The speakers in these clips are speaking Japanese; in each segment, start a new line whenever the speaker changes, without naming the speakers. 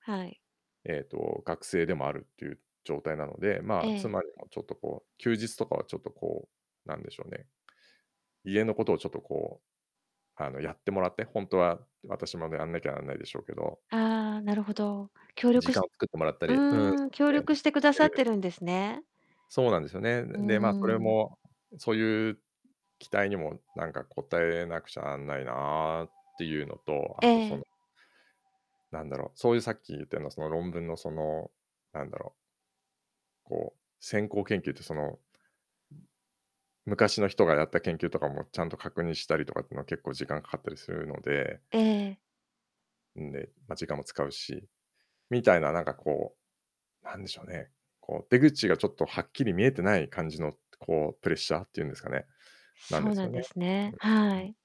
はい。
えっと、学生でもあるっていう状態なので、
え
まあ、
え。
妻にも、ちょっとこう、休日とかはちょっとこう、なんでしょうね、家のことをちょっとこう、あの、やってもらって、ほんとは私もね、あんなきゃなんないでしょうけど。
ああ、なるほど。協
時
力
間
し
を作ってもらった
う
り。うん、そす
ーん、協
ね、
力してく
し
だ
て
さっ
る
てるんですね。
そうなんですよね。
う
う
ー
ん、で、まあ、それ
ん。
も、うそういう期待にも、なんか応えなくちゃなんないなっていうのと、
え
あとそ
え。
のなんだろう、そういう、さっき言ったような、その、論文の、その、なんだろうこう、先行研究って、その、うん、昔の人がやった研究とかも、ちゃんと確認したりとかってのは、結構、時間かかったりするので
ええ。
うん、で、ま、時間も使うし、みたいな、なんかこう、なんでしょうね、こう、出口がちょっとはっきり見えてない感じの、こう、プレッシャーって言うんですかね、なん
そ
で
う
す
なん
よね。
です
あ、
ね、
う、う
は
ん。
い。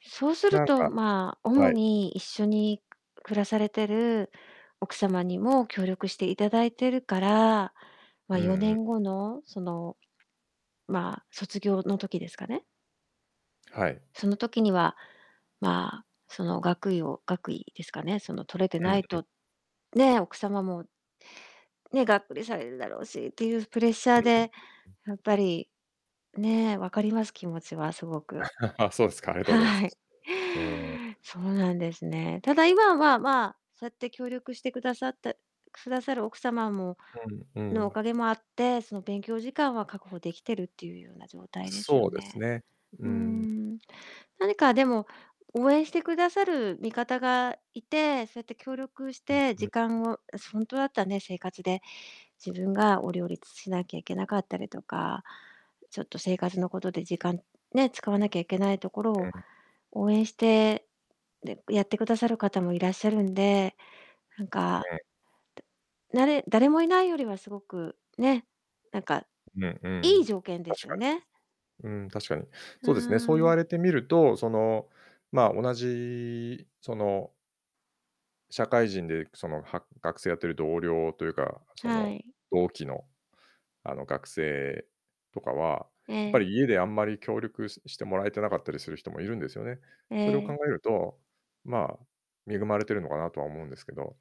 そうする
なん
と、
か
まあ、主
はい。
に、一緒に暮らされてる奥様にも協力していただいてるから、ま、
うん
よ
う
ね
ん。
んごの、その、まあ、卒業の時ですかね。
はい。
その時には、まあ、その、学位を学位ですかね、その、取れて
う
な
ん、
い
う
と、ね、奥様もね、がっくりされるだろうしっていうプレッシャ
う
ー
んうん。う
で、
うん。
やっぱり、ね、わかります、気持ちはすごく。
ああ、そうですか、ありがとうございます。
はい。
うーん。
そうなんですね。ただ、今は、まあ、そうやって協力してくださったくださる、奥様も
うん、う
の、お
ん。
かげもあって、その、勉強時間は確保できてるっていうような状態ですよ
そうです
ね。
ね、う
うー
んうん。
ん、何か、でも、応援してくださる味方がいて、そうやって協力し
うん、
て
ふ
時
ん。
間をあしほんとだったね、生活で、自分がを、両立しなきゃいけなかったりとか、ちょっと、生活のことで、時間、ね、使わなきゃいけないところ
う
を、
ん。
応援して、で、やってくださる方もいらっしゃるんで、なんか
うん。
たなれ誰もいないよりはすごく、ね、なんか、
ぬん、う
いい
ん、
条件で
確
すよ
か
ね。
に。うん、確かに。
う
そうですね、そう
ー
言わ
ん。
れてみると、その、まあ、同じ、その社会人で、くその、は学生やってる同僚というか、そ
は
の、
い。
同期の、あの、学生とかは、
え
ぱ
え。
り、家であんまり協力ししてもらえてなかったりする人もいるんですよね。
え
それを考
え。
えると、まあ、恵まれてるのかなとは思うんですけど。